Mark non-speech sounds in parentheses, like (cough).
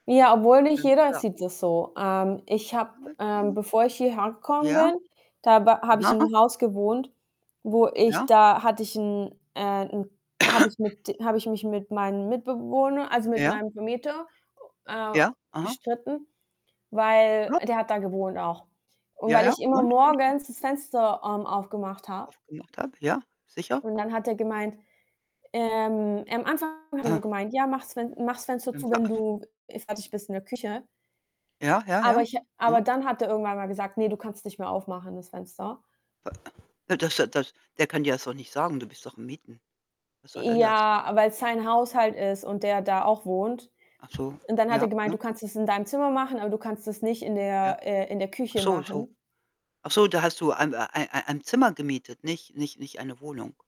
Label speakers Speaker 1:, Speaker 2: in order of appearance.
Speaker 1: Ja, obwohl nicht
Speaker 2: Ganz
Speaker 1: jeder
Speaker 2: klar.
Speaker 1: sieht das so. Ähm, ich habe, ähm
Speaker 2: (unintelligible)
Speaker 1: bevor ich hierher gekommen
Speaker 2: Ja?
Speaker 1: bin, da ba habe ich in
Speaker 2: (unintelligible)
Speaker 1: 'nem Haus gewohnt, wo ich
Speaker 2: Ja.
Speaker 1: da hatte ich 'n äh, 'n habe ich
Speaker 2: (coughs)
Speaker 1: mit habe ich mich mit meinem Mitbewohner, also, mit
Speaker 2: Ja.
Speaker 1: meinem Vermieter, äh,
Speaker 2: Ja, aha.
Speaker 1: gestritten, weil
Speaker 2: (unintelligible)
Speaker 1: der hat da gewohnt auch. Und
Speaker 2: Ja,
Speaker 1: weil
Speaker 2: ja.
Speaker 1: ich immer
Speaker 2: Und (unintelligible)
Speaker 1: morgens das Fenster, ähm, aufgemacht habe.
Speaker 2: sufgemacht habe, ja, sicher.
Speaker 1: Und dann hat er gemeint ähm, am Anfang hat er so
Speaker 2: Aha.
Speaker 1: gemeint: „Ja, mach's Fen mach's Fenster zu, wenn du, äh, fertig
Speaker 2: (unintelligible)
Speaker 1: bist in der Küche.“
Speaker 2: Ja, ja,
Speaker 1: Aber
Speaker 2: ja,
Speaker 1: ich ha aber
Speaker 2: aha.
Speaker 1: dann hat er irgendwann mal gesagt: „Ne, du kannst nicht mehr aufmachen, das Fenster.“
Speaker 2: (unintelligible) Äh, das äh, das der kann dir ja so nicht sagen. Du bist doch am Mieten. Was soll denn das?
Speaker 1: Ja, weil's sein Haus halt ist und der da auch wohnt.
Speaker 2: Ach so.
Speaker 1: Und dann hat
Speaker 2: Ja,
Speaker 1: er gemeint:
Speaker 2: ja.
Speaker 1: „Du kannst das in deinem Zimmer machen, aber du kannst es nicht in
Speaker 2: Ja.
Speaker 1: der äh, in der
Speaker 2: Ach
Speaker 1: Küche
Speaker 2: so so.
Speaker 1: machen.“
Speaker 2: Ach so, da hast du ein ei ei ei ein Zimmer gemietet, nicht nicht nicht eine Wohnung?